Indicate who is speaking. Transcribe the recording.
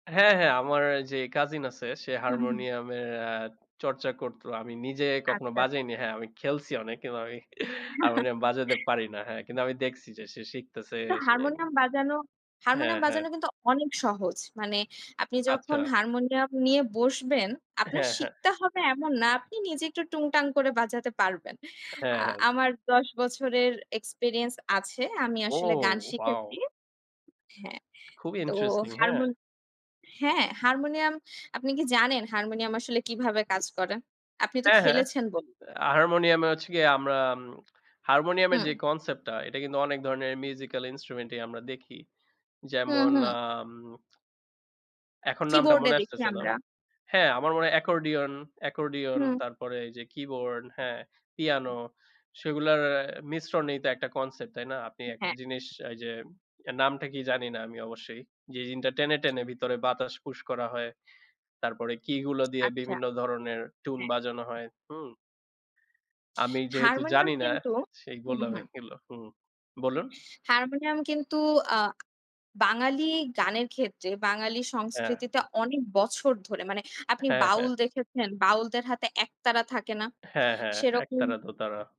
Speaker 1: হ্যাঁ, হ্যাঁ, আমার যে cousin আছে সে
Speaker 2: হুম, হুম।
Speaker 1: হারমোনিয়ামের আ চর্চা করতো। আমি নিজে কখনো
Speaker 2: আচ্ছা।
Speaker 1: বাজাইনি। হ্যাঁ, আমি খেলছি অনেক, কিন্তু আমি হারমোনিয়াম বাজাতে পারি না। হ্যাঁ, কিন্তু আমি দেখছি যে সে শিখতেছে
Speaker 2: কিন্তু,
Speaker 1: সে
Speaker 2: হারমোনিয়াম বাজানো,
Speaker 1: হ্যাঁ,
Speaker 2: হারমোনিয়াম
Speaker 1: হ্যাঁ।
Speaker 2: বাজানো কিন্তু অনেক সহজ। মানে, আপনি যখন
Speaker 1: আচ্ছা।
Speaker 2: হারমোনিয়াম নিয়ে বসবেন, আপনার
Speaker 1: হ্যাঁ, হ্যাঁ।
Speaker 2: শিখতে হবে এমন না, আপনি নিজে একটু টুংটাং করে বাজাতে পারবেন। আ
Speaker 1: হ্যাঁ, হ্যাঁ।
Speaker 2: আমার ১০ বছরের experience আছে। আমি আসলে গান
Speaker 1: ও!
Speaker 2: শিখেছি
Speaker 1: Wow!
Speaker 2: হ্যাঁ।
Speaker 1: খুবই
Speaker 2: তো
Speaker 1: interesting, হ্যাঁ।
Speaker 2: হারমোনি হ্যাঁ, হারমোনিয়াম, আপনি কি জানেন হারমোনিয়াম আসলে কীভাবে কাজ করে? আপনি তো
Speaker 1: হ্যাঁ, হ্যাঁ।
Speaker 2: খেলেছেন ব
Speaker 1: হারমোনিয়ামে হচ্ছে গিয়ে আমরা উম হারমোনিয়ামের
Speaker 2: হুম।
Speaker 1: যে concept টা এটা কিন্তু অনেক ধরনের musical instrument ই আমরা দেখি।
Speaker 2: হুম,
Speaker 1: যেমন,
Speaker 2: হুম।
Speaker 1: আম এখন নামটা
Speaker 2: keyboard এ
Speaker 1: মনে
Speaker 2: দেখি
Speaker 1: আসতেছে না।
Speaker 2: আমরা।
Speaker 1: হ্যাঁ, আমার মনে হয় accordion, accordion,
Speaker 2: হুম।
Speaker 1: তারপরে এই যে keyboard, হ্যাঁ, piano সেগুলার অ্যা মিশ্রণেই তো একটা concept, তাই না? আপনি একটা
Speaker 2: হ্যাঁ।
Speaker 1: জিনিস এই যে, এর নামটা কি জানি না আমি অবশ্যই, যে জিনটা টেনে, টেনে, ভিতরে বাতাস push করা হয়। তারপরে key গুলো দিয়ে
Speaker 2: আচ্ছা।
Speaker 1: বিভিন্ন ধরনের tune
Speaker 2: হ্যাঁ।
Speaker 1: বাজানো হয়। হুম? আমি যেহেতু
Speaker 2: হারমোনিয়াম
Speaker 1: জানি না
Speaker 2: কিন্ত
Speaker 1: সেই
Speaker 2: হুম,
Speaker 1: বললাম
Speaker 2: হুম।
Speaker 1: এইগুলো [unintelligible] হুম। বলুন।
Speaker 2: হারমোনিয়াম কিন্তু, আ বাঙালি গানের ক্ষেত্রে, বাঙালি
Speaker 1: অ্যা
Speaker 2: সংস্কৃতিতে অনেক বছর ধরে, মানে আপনি
Speaker 1: হ্যাঁ, হ্যাঁ।
Speaker 2: বাউল দেখেছেন, বাউলদের হাতে একতারা থাকে না?
Speaker 1: হ্যাঁ, হ্যাঁ। এক তারা,
Speaker 2: সেরকম
Speaker 1: দো তারা।